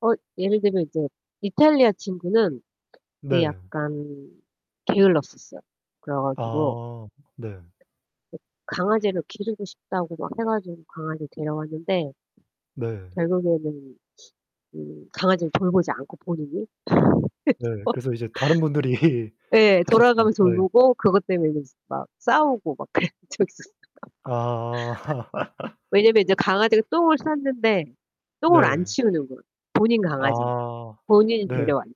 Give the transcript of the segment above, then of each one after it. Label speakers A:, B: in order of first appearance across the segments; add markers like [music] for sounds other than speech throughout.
A: 어 예를 들면 이제 이탈리아 친구는 되게
B: 네.
A: 약간 게을렀었어요. 그래 가지고
B: 아 네.
A: 강아지를 기르고 싶다고 막 해 가지고 강아지 데려왔는데
B: 네.
A: 결국에는 음 강아지를 돌보지 않고 본인이
B: 네
A: [laughs] 그래서
B: 그래서 이제 다른 분들이
A: 예
B: 하셨 음
A: 돌아가면서
B: 네.
A: 돌보고 그것 때문에 인제 막 싸우고 막 그랬던 적이 있었어요.
B: 아. [laughs]
A: [laughs] 왜냐하면 인제 강아지가 똥을 쌌는데 똥을 안
B: 네.
A: 치우는 거야, 본인 강아지인데
B: 아
A: 본인이
B: 네.
A: 데려왔는데.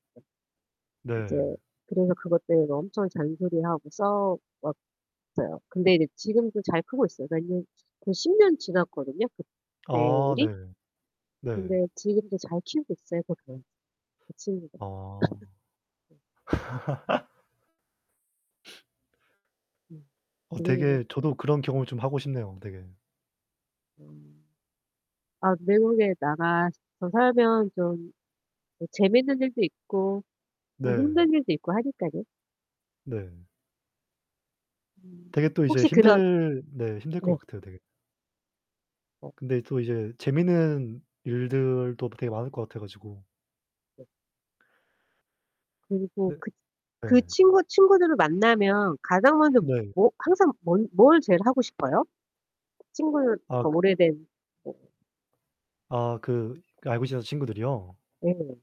A: 이제
B: 네.
A: 그래서 그것 때문에 엄청 잔소리하고 싸워 웠어요. 근데 이제 지금도 잘 크고 있어요. 몇 년 거의 10 년 지났거든요, 그때
B: 아
A: 일이.
B: 네. 네.
A: 근데 지금도 잘 키우고 있어요, 그 개. 그 친구가.
B: 아.
A: [laughs]
B: [laughs] [sniffs]
A: 네
B: 어
A: 네네네.
B: 되게 저도 그런 경험을 좀 하고 싶네요, 되게.
A: [unintelligible] 아, 외국에 나가서 살면 좀 그 재밌는 일도 있고 또
B: 네.
A: 힘든 일도 있고 하니깐요.
B: 네.
A: 음.
B: 되게 또 이제
A: 혹시 그런
B: 힘들 네 힘들
A: 네.
B: 것 같아요, 되게.
A: 어.
B: 근데 또 이제 재밌는 일들도 되게 많을 것 같아 가지고
A: 네. 그리고
B: 네.
A: 그 그
B: 예.
A: 친구 친구들을 만나면 가장 먼저
B: 네.
A: 뭐 항상 뭔 뭘 제일 하고 싶어요? 친구들
B: 아
A: 그
B: 그
A: 오래된
B: 아, 그 그 알고 지내던 친구들이요?
A: 네.